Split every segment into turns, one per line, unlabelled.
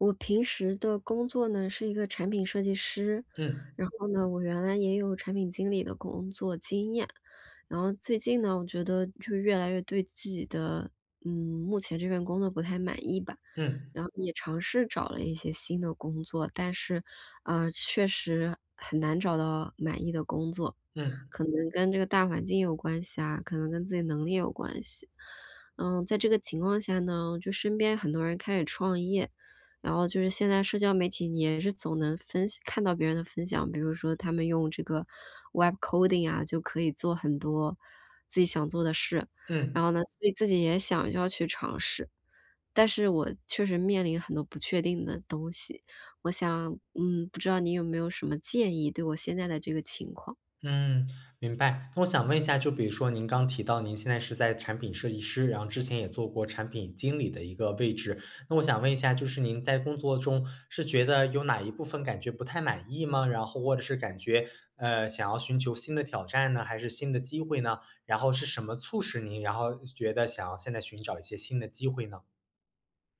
我平时的工作呢，是一个产品设计师，
嗯。
然后呢，我原来也有产品经理的工作经验。然后最近呢，我觉得就越来越对自己的呃，目前这份工作不太满意吧，
嗯。
然后也尝试找了一些新的工作，但是，呃，确实很难找到满意的工作，
嗯。
可能跟这个大环境有关系啊，可能跟自己能力有关系。呃，在这个情况下呢，就身边很多人开始创业，然后就是现在社交媒体也是总能分享看到别人的分享，比如说他们用这个 web coding 啊，就可以做很多自己想做的事。
嗯。
然后呢，所以自己也想要去尝试。但是我确实面临很多不确定的东西，我想嗯，不知道你有没有什么建议，对我现在的这个情况。
嗯，明白。那我想问一下，就比如说您刚提到您现在是在产品设计师，然后之前也做过产品经理的一个位置。那我想问一下，就是您在工作中是觉得有哪一部分感觉不太满意吗？然后或者是感觉，呃，想要寻求新的挑战呢？还是新的机会呢？然后是什么促使您然后觉得想要现在寻找一些新的机会呢？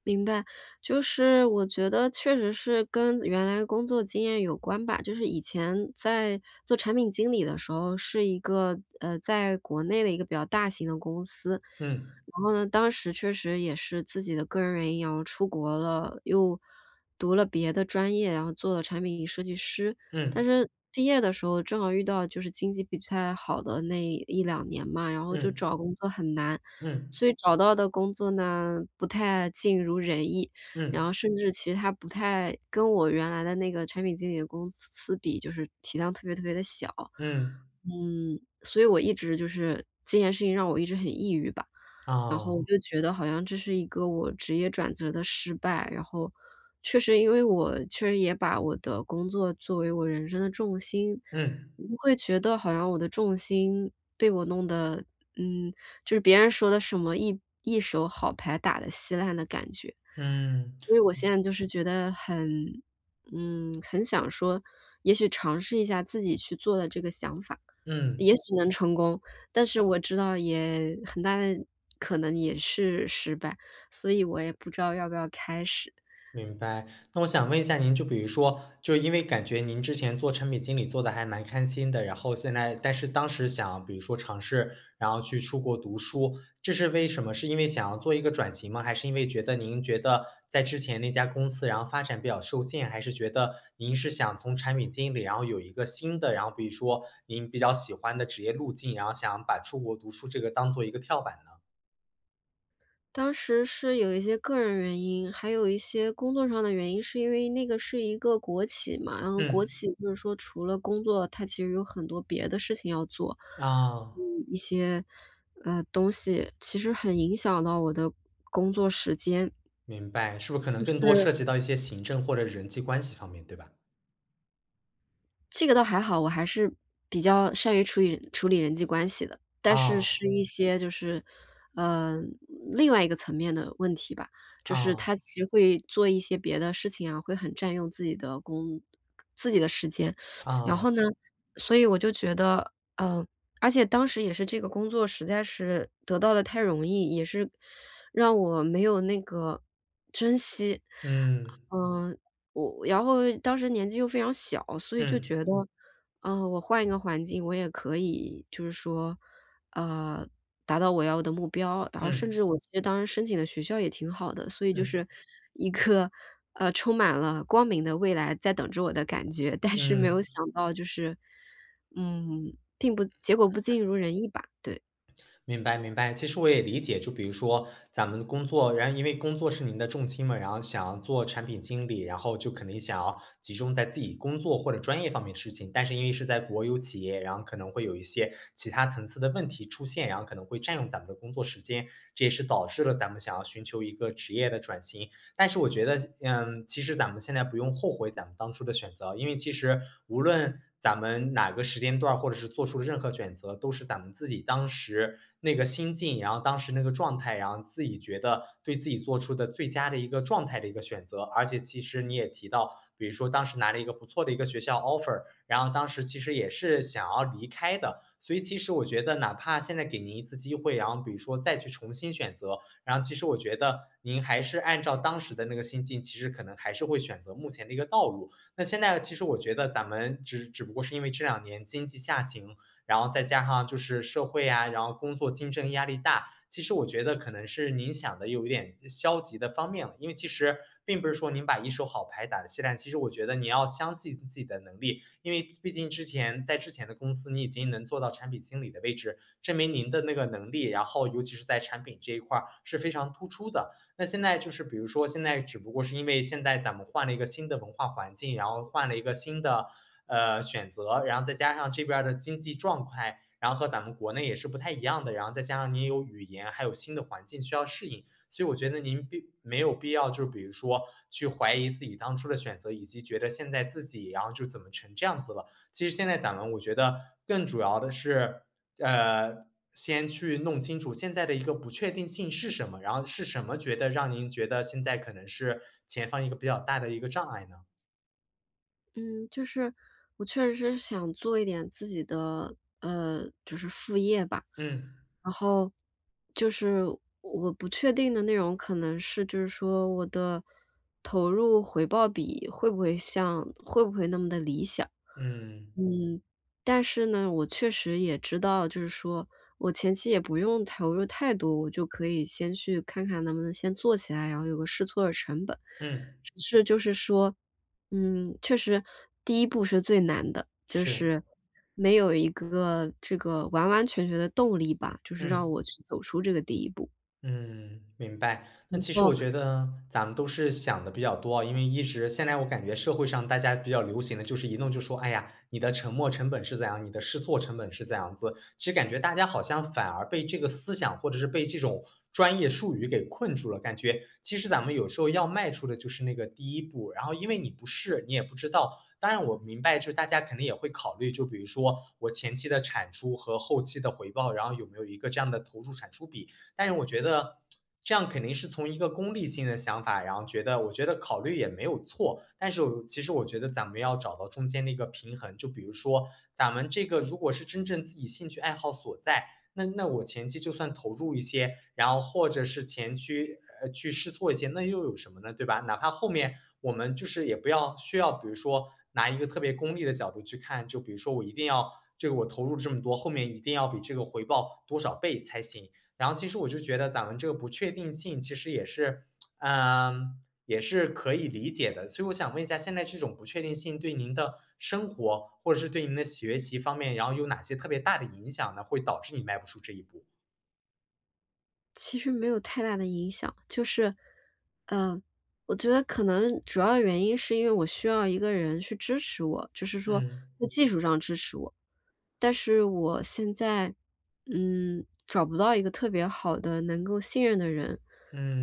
明白。就是我觉得确实是跟原来的工作经验有关吧，就是以前在做产品经理的时候是一个，呃，在国内的一个比较大型的公司，
嗯。
然后呢，当时确实也是自己的个人原因然后出国了，又读了别的专业，然后做了产品设计师。
嗯。
但是毕业的时候正好遇到就是经济不太好的那1-2年嘛，然后就
嗯。
找工作很难，
嗯。
所以找到的工作呢，不太尽如人意，然
嗯。
后甚至其它不太跟我原来的那个产品经理的公司比，就是体量特别特别地小。
嗯。
嗯，所以我一直就是这件事情让我一直很抑郁吧，然后我
哦。
就觉得好像这是一个我职业转折的失败，然后确实因为我确实也把我的工作作为我人生的重心，
嗯。
我会觉得好像我的重心被我弄得，嗯就是别人说的什么一一手好牌打得稀烂的感觉。
嗯。
所以我现在就是觉得很嗯，很想说，也许尝试一下自己去做的这个想法，
嗯。
也许能成功，但是我知道也很大的可能也是失败，所以我也不知道要不要开始。
明白。那我想问一下您，就比如说，就因为感觉您之前做产品经理做得还蛮开心的，然后现在但是当时想比如说尝试，然后去出国读书，这是为什么？是因为想要做一个转型吗？还是因为觉得您觉得在之前那家公司然后发展比较受限，还是觉得您是想从产品经理，然后有一个新的然后比如说您比较喜欢的职业路径，然后想把出国读书这个当做一个跳板呢？
当时是有一些个人原因，还有一些工作上的原因，是因为那个是一个国企嘛，然后国
嗯。
企就是说除了工作，它其实有很多别的事情要做，
啊。
一些，呃，东西，其实很影响到我的工作时间。
明白，是不是可能
就
更多
是
涉及到一些行政或者人际关系方面，对吧？
这个倒还好，我还是比较善于处理处理人际关系的，但是
啊。
是一些就是，呃，另外一个层面的问题吧，就是
啊。
它其实会做一些别的事情啊，会很占用自己的工自己的时间，然
啊。
后呢，所以我就觉得，呃而且当时也是这个工作实在是得到得太容易，也是让我没有那个珍惜。
嗯。
嗯，我然后当时年纪又非常小，所以就
嗯。
觉得，呃，我换一个环境我也可以就是说，呃，达到我要的目标，然后甚
嗯。
至我觉得当时申请的学校也挺好的，所以就
嗯。
是一颗，呃，充满了光明的未来在等着我的感觉。但是没有
嗯。
想到就是。嗯，并不结果不尽如人意吧，对。
明白明白。其实我也理解，就比如说咱们的工作然后因为工作是您的重心嘛，然后想要做产品经理，然后就可能想要集中在自己工作或者专业方面的事情。但是因为是在国有企业，然后可能会有一些其它层次的问题出现，然后可能会占用咱们的工作时间，这也是导致了咱们想要寻求一个职业的转型。但是我觉得嗯，其实咱们现在不用后悔咱们当当初的选择。因为其实无论咱们哪个时间段儿或者是做出任何选择，都是咱们自己当时那个心境，然后当时那个状态，然后自己觉得对自己做出的最佳的一个状态的一个选择。而且其实你也提到，比如说当时拿了一个不错的一个学校 Offer，然后当时其实也是想要离开的。所以其实我觉得哪怕现在给您一次机会，然后比如说再去重新选择，然后其实我觉得您还是按照当时的那个心境，其实可能还是会选择目前的一个道路。那现在呢其实我觉得咱们只只不过是因为这2年经济下行，然后再加上就是社会呀，然后工作竞争压力大。其实我觉得可能是您想得有一点呃，消极的方面了。因为其实并不是说您把一手好牌打得稀烂，其实我觉得你要相信自己的能力。因为毕竟之前在之前的公司，你已经能做到产品经理的位置，证明您的那个能力，然后尤其是在产品这一块儿是非常突出的。那现在就是比如说现在只不过是因为现在咱们换了一个新的文化环境，然后换了一个新的，呃，选择，然后再加上这边儿的经济状态，然后和咱们国内也是不太一样的，然后再加上您有语言，还有新的环境需要适应。所以我觉得您并没有必要就是比如说去怀疑自己当初的选择，以及觉得现在自己然后就怎么成这样子了。其实现在咱们我觉得更主要的是，呃，先去弄清楚现在的一个不确定性是什么，然后是什么觉得让您觉得现在可能是前方一个比较大的一个障碍呢？
嗯，就是我确实想做一点自己的，呃，就是副业吧。
嗯。
然后就是我我不确定的内容可能是就是说我的投入回报比会不会像会不会那么地理想。
嗯。
嗯，但是呢，我确实也知道就是说我前期也不用投入太多，我就可以先去看看能不能先做起来，然后有个试错儿的成本。
嗯。
只是就是说，嗯，确实第一步是最难的，就
是。
是没有一个这个完完全全的动力吧，就是让
嗯。
我去走出这个第一步。
嗯，明白。但
不
其实我
过
觉得咱们都是想得比较多哦，因为一直现在我感觉社会上大家比较流行的，就是一动就说：“哎呀，你的沉没成本是怎样？你的试错成本是怎样子？”其实感觉大家好像反而被这个思想或者是被这种专业术语给困住了，感觉其实咱们有时候要迈出的就是那个第一步，然后因为你不试，你也不知道。当然我明白就是大家肯定也会考虑，就比如说，我前期的产出和后期的回报，然后有没有一个这样的投入产出比。但是我觉得 这样肯定是从一个功利性的想法，然后觉得我觉得考虑也没有错，但是我又其实我觉得咱们要找到中间的一个平衡。就比如说咱们这个如果是真正自己兴趣爱好所在，那那我前期就算投入一些，然后或者是前期，呃，去试错一些，那又有什么呢，对吧？哪怕后面我们就是也不要需要比如说拿一个特别功利的角度去看，就比如说我一定要这个我投入这么多，后面一定要比这个回报多少倍才行。然后其实我就是觉得咱们这个不确定性，其实也是 嗯，也是可以理解的。所以我想问一下，现在这种不确定性对您的生活，或者是对您的学习方面，然后有哪些特别大的影响呢？会导致你迈不出这一步。
其实没有太大的影响，就是，嗯，我觉得可能主要原因是因为我需要一个人去支持我，就是说
嗯。
在技术上支持我。但是我现在，嗯，找不到一个特别好的能够信任的人。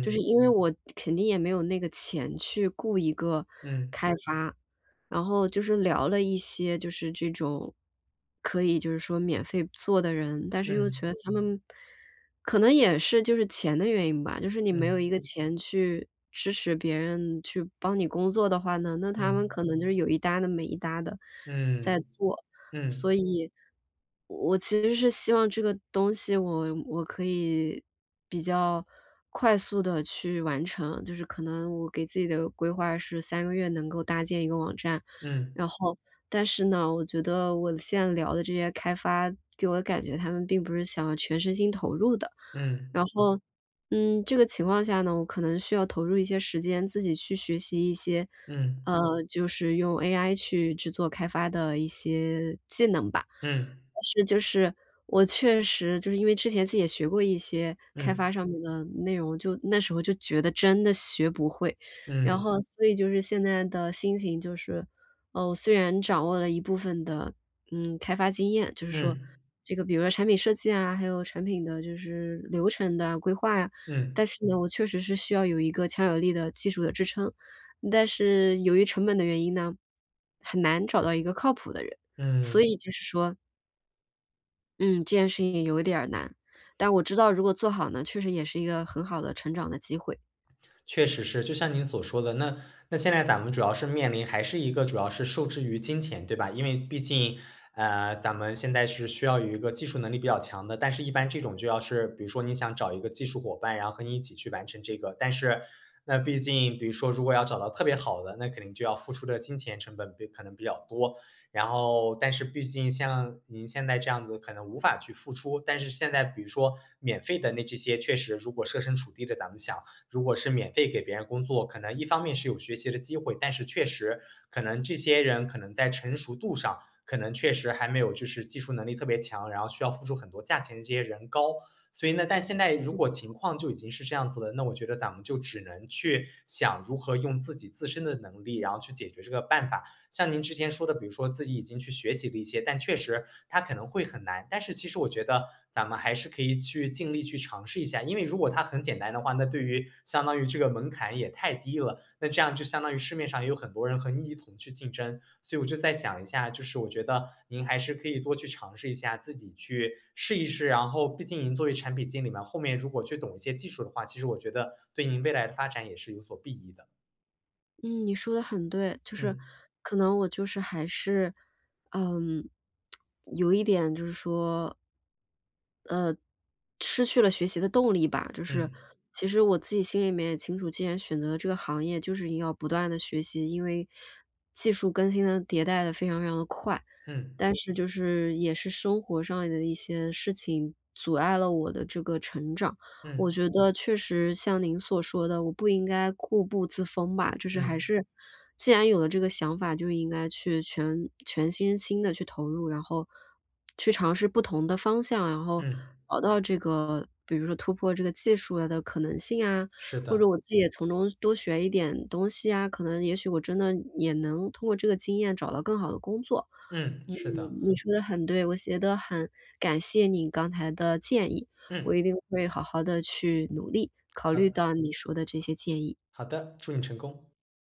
就是因为我肯定也没有那个钱去雇一个
嗯。
开发。然后就是聊了一些就是这种，可以就是说免费做的人，但是又觉
嗯。
得他们可能也是就是钱的原因吧，就是你没有一
嗯
个钱去支持别人去帮你工作的话呢，那他们
嗯。
可能就有一搭地没一搭地，在
嗯，
做。所
嗯。
以，我其实是希望这个东西我我可以，比较快速地去完成，就是可能我给自己的规划是3个月能够搭建一个网站。
嗯。
然后，但是呢，我觉得我现在聊的这些开发给我的感觉他们并不是想要全身心投入的。
嗯。
然后，嗯，这个情况下呢，我可能需要投入一些时间自己去学习一些，
嗯。
呃，就是用 AI 去制作开发的一些技能吧。
嗯。
但是就是，我确实就是因为之前自己也学过一些开
嗯。
发上面的内容，就，那时候就觉得真的学不会。然
嗯。
后所以就是现在的心情就是，呃，我虽然掌握了一部分的，嗯，开发经验，就是说
嗯。
这个比如说产品设计啊，还有产品的就是流程的规划呀。
嗯。
但是呢，我确实是需要有一个强有力的技术的支撑。但是由于成本的原因呢，很难找到一个靠谱的人，
嗯。
所以就是说嗯，这件事情有点儿难。但我知道如果做好呢，确实也是一个很好的成长的机会。
确实是，就像您所说的，那那现在咱们主要是面临还是一个主要是受制于金钱，对吧？因为毕竟，呃，咱们现在是需要有一个技术能力比较强的，但是一般这种就要是比如说您想找一个技术伙伴，然后和您一起去完成这个，但是那毕竟比如说如果要找到特别好的，那肯定就要付出的金钱成本比可能比较多。然后但是毕竟像您现在这样子可能无法去付出，但是现在比如说免费的那这些确实如果设身处地的咱们想，如果是免费给别人工作，可能一方面是有学习的机会，但是确实可能这些人可能在成熟度上，可能确实还没有就是技术能力特别强，然后需要付出很多价钱的这些人高。所以呢，但现在如果情
[unintelligible]
况就已经是这样子了，那我觉得咱们就只能去想如何用自己自身的能力，然后去解决这个办法。像您之前说的，比如说自己已经去学习了一些，但确实它可能会很难，但是其实我觉得咱们还是可以去尽力去尝试一下。因为如果它很简单的话，那对于相当于这个门槛也太低了，那这样就相当于市面上也有很多人和你一同去竞争。所以我就再想一下，就是我觉得您还是可以多去尝试一下，自己去试一试，然后毕竟您作为产品经理嘛，后面如果去懂一些技术的话，其实我觉得对您未来的发展也是有所裨益的。
嗯，你说得很对，就是
嗯。
可能我就是还是，嗯，有一点就是说呃，失去了学习的动力吧。就是，
嗯。
其实我自己心里面也清楚，既然选择了这个行业就是一定要不断地学习。因为，技术更新得迭代得非常非常地快。
嗯。
但是就是也是生活上的一些事情，阻碍了我的这个成长。我
嗯
觉得确实像您所说的，我不应该固步自封吧。就是还
嗯。
是，既然有了这个想法，就应该去全全身心地去投入，然后，去尝试不同的方向，然后
嗯。
熬到这个比如说突破这个技术，呃，的可能性啊，
是
或
的。
者我自己也从中多学一点东西啊，可能也许我真的也能通过这个经验找到更好的工作。
嗯，
嗯，
是的。
你说得很对，我觉得很感谢你刚才的建议，我
嗯。
一定会好好地去努力，考
好
虑
的。
到你说的这些建议。
好的，祝你成功。